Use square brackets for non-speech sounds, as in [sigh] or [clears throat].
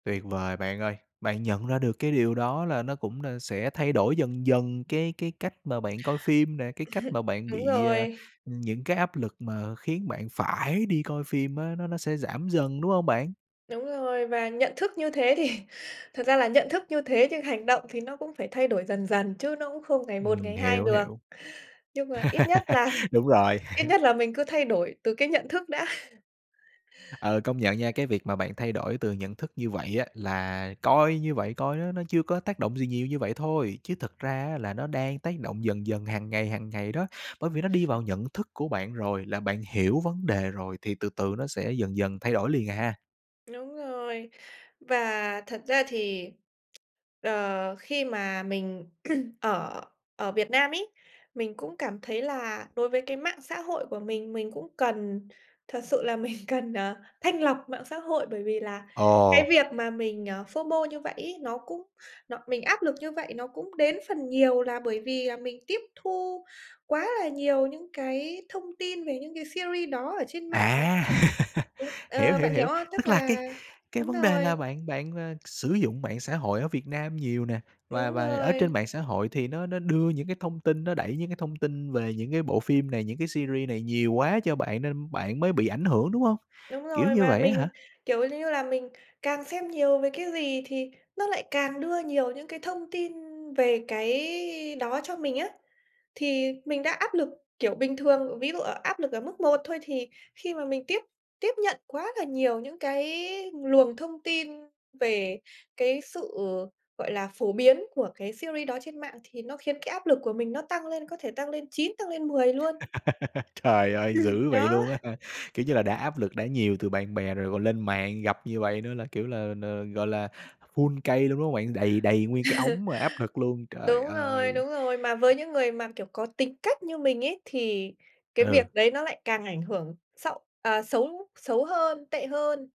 Tuyệt vời bạn ơi, bạn nhận ra được cái điều đó là nó cũng đà sẽ thay đổi dần dần cái cái cách mà bạn coi phim nè, cái cách mà [chuckles] bạn Đúng bị, à, rồi. những cái áp lực mà khiến bạn phải đi coi phim á nó nó sẽ giảm dần, đúng hông bạn? Đúng rồi và nhận thức như thế thì thật ra là nhận thức như thế nhưng hành động thì nó cũng phải thay đổi dần dần, chứ nó cũng không ngày một Ừm, ngày hai hiểu, được. hiểu. Nhưng mà ít nhất [laughs] là Đúng rồi. ít [laughs] nhất là mình cứ thay đổi từ cái nhận thức đã. [chuckles] Ờ, công nhận nha, cái việc mà bạn thay đổi từ nhận thức như vậy á là coi như vậy coi nó nó chưa có tác động gì nhiều như vậy thôi, chứ thực ra á là nó đang tác động dần dần hàng ngày, hàng ngày đó. Bởi vì nó đi vào nhận thức của bạn rồi, là bạn hiểu vấn đề rồi thì từ từ nó sẽ dần dần thay đổi liền à. Đúng rồi. Và thật ra thì, đ khi mà mình [clears throat] ở ở Việt Nam ấy, mình cũng cảm thấy là đối với cái mạng xã hội của mình, mình cũng cần thật sự là mình cần, ờ, thanh lọc mạng xã hội bởi vì là cái Ồ. việc mà mình, ờ, FOMO như vậy ấy, nó cũng nó mình áp lực như vậy nó cũng đến phần nhiều là bởi vì là mình tiếp thu quá là nhiều những cái thông tin về những cái series đó ở trên mạng. À. [laughs] Đúng Hiểu, ờ, hiểu, bạn hiểu hiểu, không? Tức tức là cái là cái đúng vấn đề rồi. là bạn bạn, ờ, sử dụng mạng xã hội ở Việt Nam nhiều nè, và Úng và ở rồi. trên mạng xã hội thì nó nó đưa những cái thông tin, nó đẩy những cái thông tin về những cái bộ phim này, những cái series này nhiều quá cho bạn nên bạn mới bị ảnh hưởng, đúng hông? Đúng Kiểu rồi. như Và vậy á hả? mình, kiểu lư là, mình càng xem nhiều về cái gì thì nó lại càng đưa nhiều những cái thông tin về cái đó cho mình á. Thì mình đã áp lực, kiểu, bình thường, ví dụ ở áp lực ở mức 1 thôi thì khi mà mình tiếp tiếp nhận quá là nhiều những cái luồng thông tin về cái sự, gọi là, phổ biến của cái series đó trên mạng thì nó khiến cái áp lực của mình nó tăng lên, có thể tăng lên 9, tăng lên 10 luôn. [laughs] Trời ơi, Ừm, dữ vậy đó. luôn á hả? Kiểu như là, đã áp lực đã nhiều từ bạn bè rồi còn lên mạng gặp như vậy nữa là, kiểu là, n gọi là, full cây luôn, đúng không bạn? Đầy đầy nguyên cái [laughs] ống mà áp lực luôn, trời Đúng rồi, ơi! đúng rồi. Mà với những người mà, kiểu, có tính cách như mình ấy thì cái việc Ừ. đấy nó lại càng ảnh hưởng xậu à, xấu xấu hơn, tệ hơn.